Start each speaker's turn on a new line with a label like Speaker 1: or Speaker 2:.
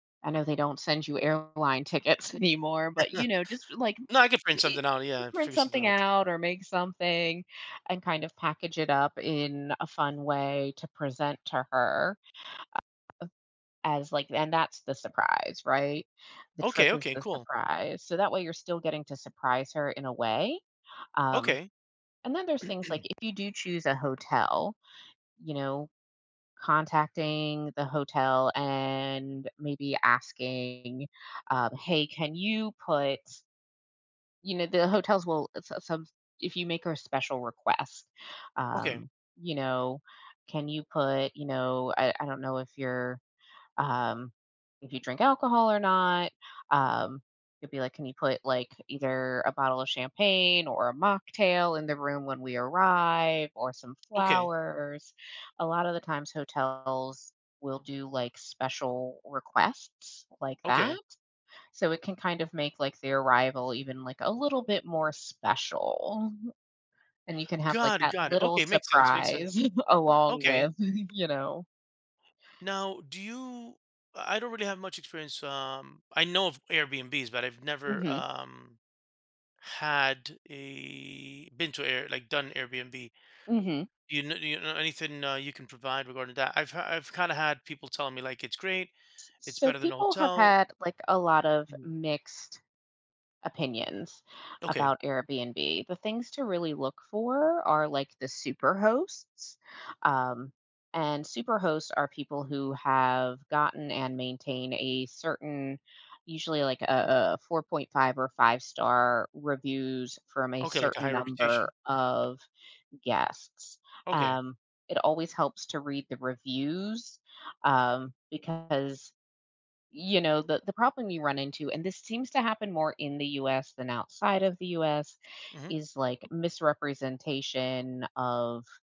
Speaker 1: I know they don't send you airline tickets anymore, but you know, just like
Speaker 2: No. I can print
Speaker 1: e
Speaker 2: something out. Yeah.
Speaker 1: print
Speaker 2: Figure something
Speaker 1: something
Speaker 2: out.
Speaker 1: out or make something and kind of package it up in a fun way to present to her, a uh, as like and that's the surprise, right? The trip
Speaker 2: Okay,
Speaker 1: is
Speaker 2: okay,
Speaker 1: the
Speaker 2: cool.
Speaker 1: surprise. So that way you're still getting to surprise her in a way. Um
Speaker 2: Okay.
Speaker 1: and then there's things like if you do choose a hotel, you know, contacting the hotel and maybe asking, um, "Hey, can you put" you know, the hotels will if s s some if you make her a special request,
Speaker 2: Okay.
Speaker 1: um, you know, "Can you put, you know" I I don't know if you're, um, if you drink alcohol or not. Um, it'd be like, "Can you put like either a bottle of champagne or a mocktail in the room when we arrive or some
Speaker 2: Okay.
Speaker 1: flowers?" A lot of the times hotels will do, like, special requests like that.
Speaker 2: Okay.
Speaker 1: So, it can kind of make like the arrival even like a little bit more special. And you can have like
Speaker 2: Got it,
Speaker 1: that
Speaker 2: got it,
Speaker 1: little
Speaker 2: okay. Makes sense, makes sense,
Speaker 1: surprise along
Speaker 2: okay.
Speaker 1: with, you know
Speaker 2: Now, do you I don't really have much experience, um, I know of Airbnbs, but I've never,
Speaker 1: Mhm.
Speaker 2: um, had a been to Air like, done Airbnb.
Speaker 1: Mhm.
Speaker 2: You kn you know anything, uh, you can provide regarding that? I've ha I've kinda had people telling me, like, "It's great,
Speaker 1: S
Speaker 2: it's
Speaker 1: so
Speaker 2: better than a
Speaker 1: people have
Speaker 2: hotel."
Speaker 1: had, like, a lot of
Speaker 2: Mhm.
Speaker 1: mixed opinions
Speaker 2: Okay.
Speaker 1: about Airbnb. The things to really look for are like the super hosts. Um, and super hosts are people who have gotten and maintain a certain, usually like a a 4.5 or five-star reviews from a
Speaker 2: Okay, like, a
Speaker 1: certain
Speaker 2: high
Speaker 1: number
Speaker 2: reputation?
Speaker 1: of guests.
Speaker 2: Okay.
Speaker 1: Um, it always helps to read the reviews, um, because, you know, the the problem you run into and this seems to happen more in the US than outside of the US,
Speaker 2: Mhm.
Speaker 1: is like misrepresentation of